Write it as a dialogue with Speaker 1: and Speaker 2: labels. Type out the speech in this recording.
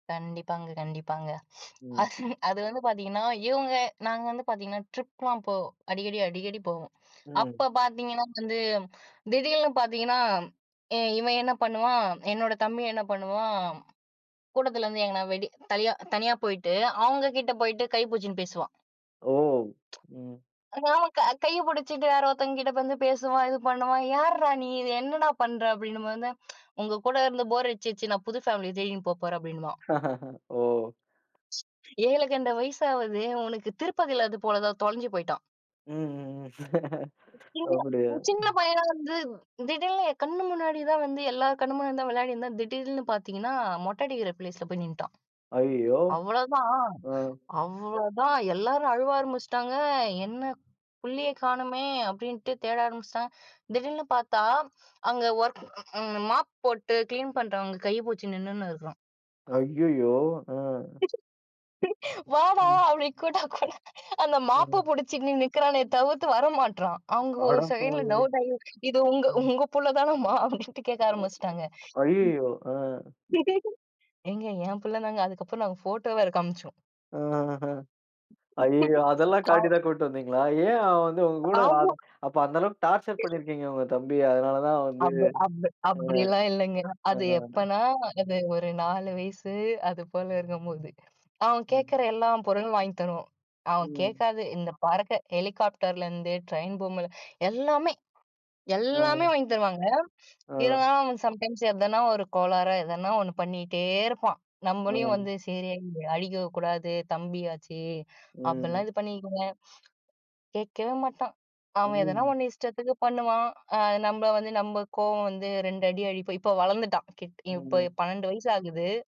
Speaker 1: கண்டிப்பாங்க, கண்டிப்பாங்க.
Speaker 2: ம்.
Speaker 1: அது அது வந்து பார்த்தீங்கன்னா, இவுங்க நாங்க வந்து பார்த்தீங்கன்னா ட்ரிப்லாம் போவோம். அடிக்கடி, அடிக்கடி போவோம்.
Speaker 2: ம்.
Speaker 1: அப்ப பார்த்தீங்கன்னா, வந்து திடீர்னு பார்த்தீங்கன்னா, ஏ இவன் என்ன பண்ணுவான், என்னோட தம்பி என்ன பண்ணுவான். கூட்டத்துலேருந்து எங்கனா வெடி தனியா தனியா போயிட்டு அவுங்கக்கிட்ட போயிட்டு கை புடுச்சின்னு பேசுவான்.
Speaker 2: ஓ! ம்.
Speaker 1: [unintelligible] கைய புடிச்சிட்டு வேற ஒருத்தவங்கக்கிட்ட வந்து பேசுவான். இது பண்ணுவான். யார்ரா நீ? என்னடா! பண்ற? அப்பிடின்னும்போதுதான் உங்ககூட இருந்து போர் அடிச்சிடுச்சி நான் புது ஃபேமிலிய தேடின்னு போ போறேன் அப்பிடின்னுவான்.
Speaker 2: ஓ!
Speaker 1: ஏழுகழுத வயசாவது உனக்கு, திருப்பதில இதுபோலதான் தொலைஞ்சு போயிட்டான்.
Speaker 2: ம், ம், ம்.
Speaker 1: சின்ன,
Speaker 2: அப்பிடியா?
Speaker 1: சின்ன பையனா வந்து திடீர்னு என் கண்ணு முன்னாடி தான் வந்து, எல்லா கண்ணு முன்னாடி தான் விளையாடிருந்தான். திடீல்னு பார்த்தீங்கன்னா, மொட்ட அடிக்கிற ப்ளேஸ்ல போய் நின்டான்.
Speaker 2: ஐயயோ!
Speaker 1: அவ்ளோதான்,
Speaker 2: ஆ.
Speaker 1: அவ்வளோதான் எல்லாரும் அழுவ ஆரம்பிச்சுட்டாங்க, என்ன, புள்ளைய காணமே! அப்பிடின்ட்டு தேட ஆரம்பிச்சிட்டாங்க. திடீல்னு பார்த்தா, அங்க ஒர்க் மாப் போட்டு கிளீன் பண்றவங்க கைய புடுச்சு நின்னுன்னு இருக்கான்.
Speaker 2: ஐய்யயோ! ஆ.
Speaker 1: வாடா!
Speaker 2: ம்.
Speaker 1: அப்பிடி கூப்டா கூட அந்த மாப்ப
Speaker 2: ம்.
Speaker 1: புடிச்சிக்கின்னு நிக்கிறானே தவிர்த்து வர மாட்ரான். அவுங்க ஒரு செகண்ட்ல
Speaker 2: அடப்பாவி!
Speaker 1: டவுட்டாகி இது உங்க,
Speaker 2: ம்.
Speaker 1: உங்க புள்ள தானம்மா அப்பிடின்ட்டு கேட்க ஆரம்பிச்சுட்டாங்க.
Speaker 2: ஐயயோ! ஆ.
Speaker 1: ஏங்க ஏன் புள்ளதாங்க. அதுக்கப்புறம் நாங்க போட்டோ வேற காமிச்சோம்.
Speaker 2: அ ஆஹா! ஐயய்யோ! அதெல்லாம்
Speaker 1: ஆ.
Speaker 2: காட்டி தான் கூட்டு வந்தீங்களா? ஏன் வந்து உங்க கூட
Speaker 1: ஆமா.
Speaker 2: [unintelligible] அப்போ அந்தளவுக்கு டார்ச்சர் பண்ணியிருக்கீங்க உங்க தம்பிய. அதனால தான் வந்து.
Speaker 1: அந்த அந்த
Speaker 2: அ,
Speaker 1: அப்பிடியெல்லாம் இல்லங்க. அது
Speaker 2: அ.
Speaker 1: எப்பன்னா, அது ஒரு 4 வயசு அது போல இருக்கும்போது, அவன்
Speaker 2: அ.
Speaker 1: கேட்கிற எல்லா பொருளும் வாங்கித் தருவோம். அவன்
Speaker 2: ம்.
Speaker 1: கேக்காதது இந்த பறக்க ஹெலிகாப்டர்லேருந்து ட்ரெயின் பொம்ம எல்லாமே! எல்லாமே!
Speaker 2: ஆ.
Speaker 1: வாங்கித் தருவாங்க. இவுங்க
Speaker 2: ஆ.
Speaker 1: அவன் சம்டைம்ஸ் எதனா ஒரு கோளாறா எதனா 1 பண்ணீட்டே இருப்பான். நம்மளையும் வந்து
Speaker 2: ஆ.
Speaker 1: சரி அடிக்கக்கூடாது தம்பியாச்சே!
Speaker 2: ம்
Speaker 1: அப்புட்லாம் இது பண்ணிக்குவேங்க. கேக்கவே மாட்டான். அவன் எதனா
Speaker 2: ம்.
Speaker 1: 1 இஷ்டத்துக்கு பண்ணுவான். அ நம்மள வந்து, நம்ம கோவம் வந்து 2 அடி அடிப்போம். இப்ப வளர்ந்துட்டான். ஹிட் இப் இப்போ
Speaker 2: ம்.
Speaker 1: 12 வயசு ஆகுது.